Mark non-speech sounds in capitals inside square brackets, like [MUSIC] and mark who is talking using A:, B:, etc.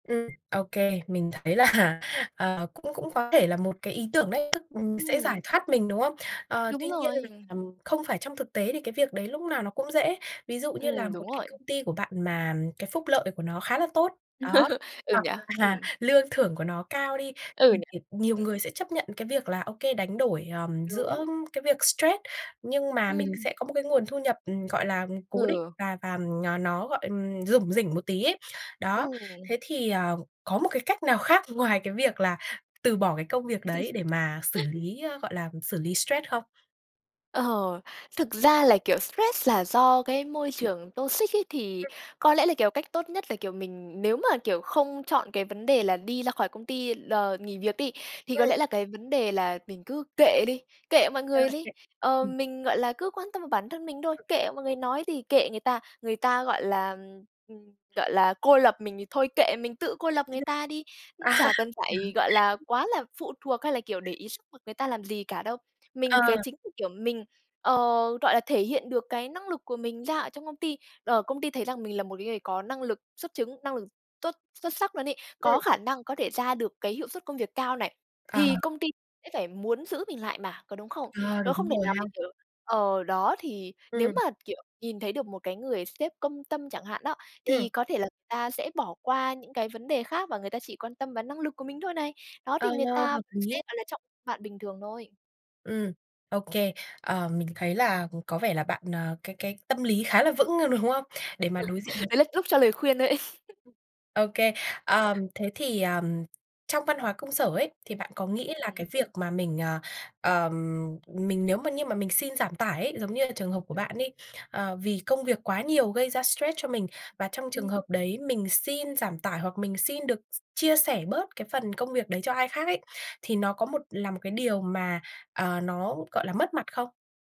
A: Ừm. Ô kê, mình thấy là, ờ, cũng cũng có thể là một cái ý tưởng đấy, tức, ừm, sẽ giải
B: Ừm.
A: thoát mình, đúng không? Ờ, tuy
B: Đúng
A: nhiên
B: rồi,
A: là,
B: ừm.
A: ừm, không phải trong thực tế thì cái việc đấy lúc nào nó cũng dễ. Ví dụ như là
B: Ừm,
A: một
B: đúng
A: cái
B: rồi.
A: công ty của bạn mà cái phúc lợi của nó khá là tốt, đó,
B: [CHUCKLES] Ừ,
A: hoặc
B: nhỉ?
A: là
B: Ừm.
A: lương thưởng của nó cao đi,
B: Ừ, nhỉ?
A: [UNINTELLIGIBLE] nhiều
B: Ừm.
A: người sẽ chấp nhận cái việc là ô kê, đánh đổi, ờm, giữa
B: Đúng.
A: cái việc stress nhưng mà mình
B: Ừm.
A: sẽ có một cái nguồn thu nhập, ừm, gọi là, cố định
B: Ừ.
A: và và n nó, gọi, ừm, rủng rỉnh một tí ấy. Đó,
B: Ừm.
A: thế thì, ờ, có một cái cách nào khác ngoài cái việc là từ bỏ cái công việc đấy để
B: [CHUCKLES]
A: mà xử lý, ơ, gọi là, xử lý stress không?
B: Ờ, thực ra là kiểu stress là do cái môi trường toxic ấy, thì
A: Ừm.
B: có lẽ là, kiểu, cách tốt nhất là, kiểu, mình nếu mà, kiểu, không chọn cái vấn đề là đi ra khỏi công ty l nghỉ việc đi, thì có
A: Ừm.
B: lẽ là cái vấn đề là mình cứ kệ đi, kệ mọi người đi.
A: [UNINTELLIGIBLE]
B: Ờ,
A: Ừm.
B: mình, gọi là, cứ quan tâm vào bản thân mình thôi, kệ mọi người nói gì, kệ người ta, người ta, gọi là, ừm, ừm, gọi là, cô lập mình thì thôi kệ, mình tự cô lập người ta đi, [UNINTELLIGIBLE] chả cần phải, gọi là,
A: [UNINTELLIGIBLE] À. [UNINTELLIGIBLE]
B: quá là phụ thuộc hay là, kiểu, để ý sức lực người ta làm gì cả đâu.
A: Ờ.
B: Mình cái chính [UNINTELLIGIBLE] kiểu, mình, ờ, rọi là, thể hiện được cái năng lực của mình ra ở trong công ty, ờ, công ty thấy rằng mình là một cái người có năng lực xuất chứng, năng lực tốt, xuất sắc luôn ấy, có
A: Ừm.
B: khả năng có thể ra được cái hiệu suất công việc cao này,
A: À.
B: thì công ty sẽ phải muốn giữ mình lại mà, có đúng không?
A: À,
B: Nó
A: đúng
B: không thể
A: rồi
B: nào
A: ha.
B: mình, kiểu ờ, đó thì nếu
A: Ừm.
B: mà, kiểu, nhìn thấy được một cái người sếp công tâm chẳng hạn đó,
A: Ừm.
B: thì có thể là ta sẽ bỏ qua những cái vấn đề khác và người ta chỉ quan tâm và năng lực của mình thôi này. Đó
A: Ờ,
B: thì người ta
A: hợp
B: vẫn sẽ,
A: lý.
B: gọi là, trọng bạn bình thường thôi.
A: Ừm, OK. Ờ, mình thấy là có vẻ là bạn, ờ, cái cái tâm lý khá là vững, ơ, đúng hông? Để mà đối diện với
B: [CHUCKLES] Đấy là lúc cho lời khuyên đấy. [CHUCKLES]
A: Ô kê. Ờm, thế thì, ờm, trong văn hóa công sở ấy thì bạn có nghĩ là cái
B: [UNINTELLIGIBLE]
A: việc mà mình, à, ờm, mình nếu mà như mà mình xin giảm tải ấy, giống như là trường hợp của bạn ấy, ờ, vì công việc quá nhiều gây ra stress cho mình và trong trường
B: Ừ.
A: hợp đấy mình xin giảm tải, hoặc mình xin được s chia sẻ bớt cái phần công việc đấy cho ai khác ấy, thì nó có một là một cái điều mà, ờ, nó gọi là, mất mặt không?